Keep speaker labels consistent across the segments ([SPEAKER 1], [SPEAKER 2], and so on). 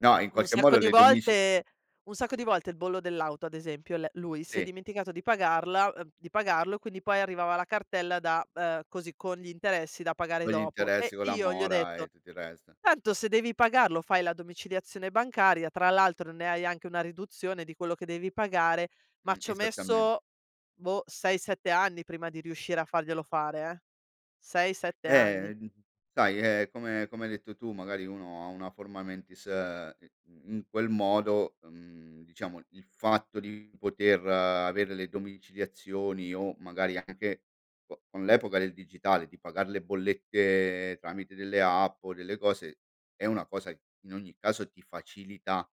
[SPEAKER 1] No, in
[SPEAKER 2] Un
[SPEAKER 1] qualche
[SPEAKER 2] sacco
[SPEAKER 1] modo
[SPEAKER 2] di
[SPEAKER 1] le domici
[SPEAKER 2] volte un sacco di volte il bollo dell'auto ad esempio, le lui si è
[SPEAKER 1] Sì.
[SPEAKER 2] dimenticato di pagarla, ehm di pagarlo e quindi poi arrivava la cartella da, ehm ,così con gli interessi da pagare
[SPEAKER 1] Con gli
[SPEAKER 2] dopo.
[SPEAKER 1] interessi,
[SPEAKER 2] E
[SPEAKER 1] con la
[SPEAKER 2] io gli ho
[SPEAKER 1] mora
[SPEAKER 2] detto:
[SPEAKER 1] e tutto il resto.
[SPEAKER 2] "Tanto se devi pagarlo, fai la domiciliazione bancaria, tra l'altro ne hai anche una riduzione di quello che devi pagare." Ma
[SPEAKER 1] Mh,
[SPEAKER 2] ci ho
[SPEAKER 1] esattamente.
[SPEAKER 2] messo, boh, 6, 7 anni prima di riuscire a farglielo fare eh, 6, 7 anni.
[SPEAKER 1] Eh! Sai è come come hai detto tu, magari uno ha una forma mentis ehm, in in quel modo, mhmm, diciamo il fatto di poter avere le domiciliazioni o magari anche co con l'epoca del digitale di pagar le bollette tramite delle app o delle cose è una cosa in ogni caso ti facilita,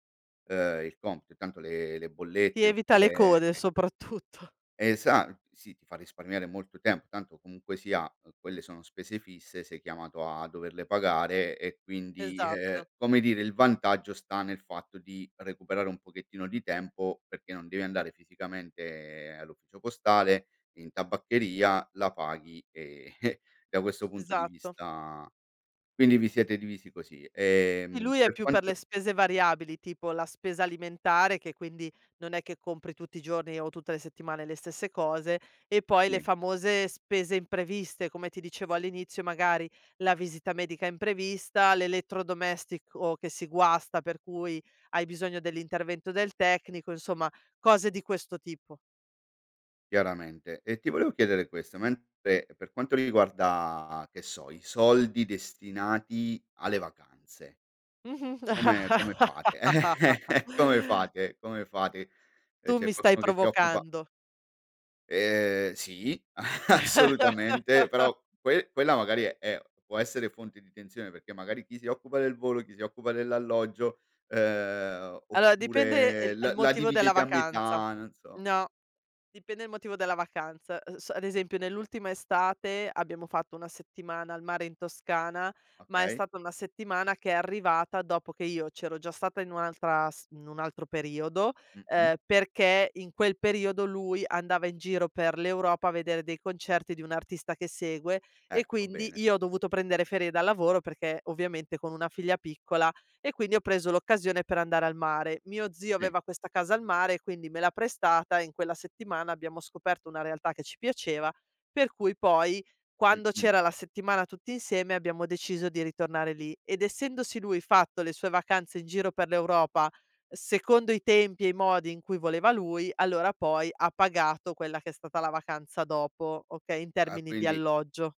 [SPEAKER 1] ehm, il compito, che tanto le le
[SPEAKER 2] Si
[SPEAKER 1] bollette
[SPEAKER 2] evita
[SPEAKER 1] oppure,
[SPEAKER 2] le
[SPEAKER 1] ehm,
[SPEAKER 2] code
[SPEAKER 1] e
[SPEAKER 2] soprattutto.
[SPEAKER 1] esa sì, ti fa risparmiare molto tempo, tanto comunque sia, ehm, quelle sono spese fisse, sei chiamato a doverle pagare. E quindi e
[SPEAKER 2] Esatto.
[SPEAKER 1] e, come dire, il vantaggio sta nel fatto di recuperare un pochettino di tempo perché non devi andare fisicamente all'ufficio postale, in tabaccheria, la paghi, ehm, da questo punto di
[SPEAKER 2] Esatto.
[SPEAKER 1] vista quindi vi siete divisi così,
[SPEAKER 2] Sì,
[SPEAKER 1] ehm,
[SPEAKER 2] lui è
[SPEAKER 1] per
[SPEAKER 2] più per le
[SPEAKER 1] quanto
[SPEAKER 2] spese variabili, tipo la spesa alimentare, che quindi non è che compri tutti i giorni o tutte le settimane le stesse cose. E poi le
[SPEAKER 1] Sì.
[SPEAKER 2] famose spese impreviste, come ti dicevo all'inizio, magari la visita medica imprevista, l'elettrodomestico che si guasta, per cui hai bisogno dell'intervento del tecnico, insomma cose di questo tipo.
[SPEAKER 1] Chiaramente e ti volevo chiedere questo, mentre per quanto riguarda che so, i soldi destinati alle vacanze
[SPEAKER 2] Mh-mh.
[SPEAKER 1] come come fate? Come fate come fate? E
[SPEAKER 2] Tu
[SPEAKER 1] c'è
[SPEAKER 2] mi stai
[SPEAKER 1] qualcuno che ti occupa
[SPEAKER 2] provocando.
[SPEAKER 1] Ehm, sì, assolutamente, però que quella magari è può essere fonte di tensione perché magari chi si occupa del volo, chi si occupa dell'alloggio, ehm,
[SPEAKER 2] Allora dipende e
[SPEAKER 1] oppure
[SPEAKER 2] il e il
[SPEAKER 1] la la
[SPEAKER 2] motivo della
[SPEAKER 1] dividete a
[SPEAKER 2] vacanza.
[SPEAKER 1] metà, non so.
[SPEAKER 2] No, dipende il motivo della vacanza. E s ad esempio nell'ultima estate abbiamo fatto 1 settimana al mare in Toscana, ma è
[SPEAKER 1] Okay.
[SPEAKER 2] stata una settimana che è arrivata dopo che io c'ero già stata in un'altra s in un altro periodo,
[SPEAKER 1] Mh-mh.
[SPEAKER 2] ehm, perché in quel periodo lui andava in giro per l'Europa, a vedere dei concerti di un artista che segue, e
[SPEAKER 1] Ecco,
[SPEAKER 2] quindi
[SPEAKER 1] bene.
[SPEAKER 2] io ho dovuto prendere ferie dal lavoro perché ovviamente con una figlia piccola. E quindi ho preso l'occasione per andare al mare. Mio zio
[SPEAKER 1] Sì.
[SPEAKER 2] aveva questa casa al mare, e quindi me l'ha prestata e in quella settimana abbiamo scoperto una realtà che ci piaceva, per cui poi quando
[SPEAKER 1] Mh-mh.
[SPEAKER 2] c'era la settimana tutti insieme, abbiamo deciso di ritornare lì. Ed essendosi lui fatto le sue vacanze in giro per l'Europa secondo i tempi e i modi in cui voleva lui, allora poi ha pagato quella che è stata la vacanza dopo, okay, in
[SPEAKER 1] Ah!
[SPEAKER 2] termini di
[SPEAKER 1] Quindi
[SPEAKER 2] alloggio.